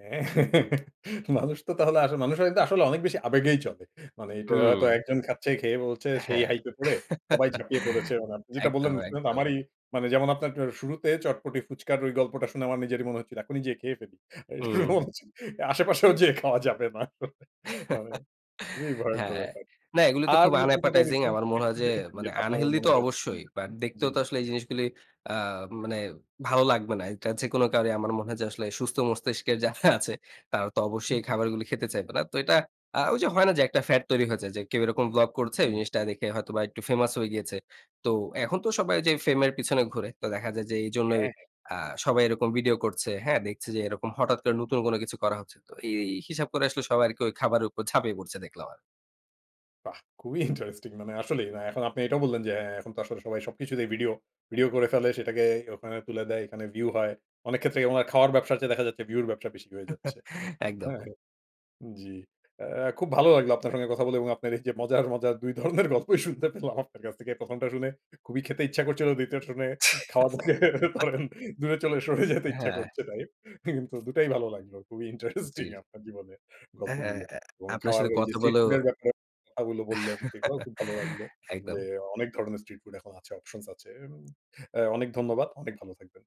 হ্যাঁ, মানুষ তো তাহলে আসলে মানুষ হয়ত আসলে অনেক বেশি আবেগেই চলে। মানে এটা হয়তো হুম। একজন খাচ্ছে, খেয়ে বলছে। সেই হ্যাঁ। হাইপ এ পড়ে সবাই ঝাঁপিয়ে পড়েছে। মানে আপনি যেটা বললেন একদম, শুনে তো একদম। আমারই, মানে যেমন আপনার শুরুতে চটপটি ফুচকার ওই গল্পটা শুনে আমার নিজেরই মনে হচ্ছিল। এখনই যেয়ে খেয়ে ফেলি। হুম। আশেপাশেও যেয়ে খাওয়া যাবে না। খুবই ভয়ংকর হ্যাঁ। ব্যাপার। না এগুলো তো আর খুব নতুন কোথাও unappetizing। রিসেন্ট আমার মনে কিছু হয় যে দেখেছেন? মানে যেটা আপনার unhealthy মনে তো হয়েছে? অবশ্যই। বাট জ্বী, দেখতেও তো জ্বী। আসলে এই জিনিসগুলো আ মানে ভালো লাগবে না। এটা যেকোনো কাউরই আমার মনে হয় যে আসলে সুস্থ মস্তিষ্কের যারা আছে। তারা তো অবশ্যই এই খাবারগুলো খেতে চাইবে না। তো এটা আ ওই যে হয় না যে একটা ফ্যাট তৈরি হয়েছে। যে কেউ এরকম ভ্লগ করছে হুম। জিনিসটা দেখে হয়তোবা একটু ফেমাস হয়ে গিয়েছে। তো এখন তো সবাই যে ফেমের পিছনে ঘুরে। তো দেখা যায় যে এইজন্যই হ্যাঁ, হ্যাঁ। আ সবাই এরকম ভিডিও করছে। হ্যাঁ? দেখছে যে এরকম হঠাৎ করে নতুন কোন কিছু করা হচ্ছে। তো এই হিসাব করে আসলে সবাই আরকি ওই খাবারের উপর ঝাপিয়ে পড়ছে দেখলাম আর। বাহ! খুবই ইন্টারেস্টিং মানে আসলেই। এখন আপনি এটাও বললেন যে হ্যাঁ, এখন তো আসলে সবাই সবকিছুতেই ভিডিও ভিডিও করে ফেলে। সেটাকে ওখানে তুলে দেয়, এখানে ভিউ হয়। অনেক ক্ষেত্রে ওনার খাওয়ার ব্যবসার চেয়ে দেখা যাচ্ছে ভিউ এর ব্যবসা বেশি হয়ে যাচ্ছে। একদম। হ্যাঁ? জ্বী। এ খুব ভালো লাগলো আপনার সঙ্গে কথা বলে এবং আপনার এই যে মজার, মজার ২ ধরনের গল্পই শুনতে পেলাম আপনার কাছ থেকে। প্রথমটা শুনে খুবই খেতে ইচ্ছা করছিল। দ্বিতীয়টা শুনে খাওয়া ধরেন দূরে চলে সরে যেতে ইচ্ছা হ্যাঁ। করছে তাই। কিন্তু দুটাই ভালো লাগলো। খুবই ইন্টারেস্টিং জ্বী। আপনার জীবনে হ্যাঁ, গল্পগুলো এবং আপনার খাওয়ার সাথে ওই যে কথা স্ট্রিট বলেও ফুড এর ব্যাপারে কথাগুলো বললেন। সেগুলোও খুব ভালো লাগলো। যে একদম। অনেক ধরনের স্ট্রিট ফুড এখন আছে, অপশনস আছে। আ অনেক ধন্যবাদ, অনেক ভালো থাকবেন।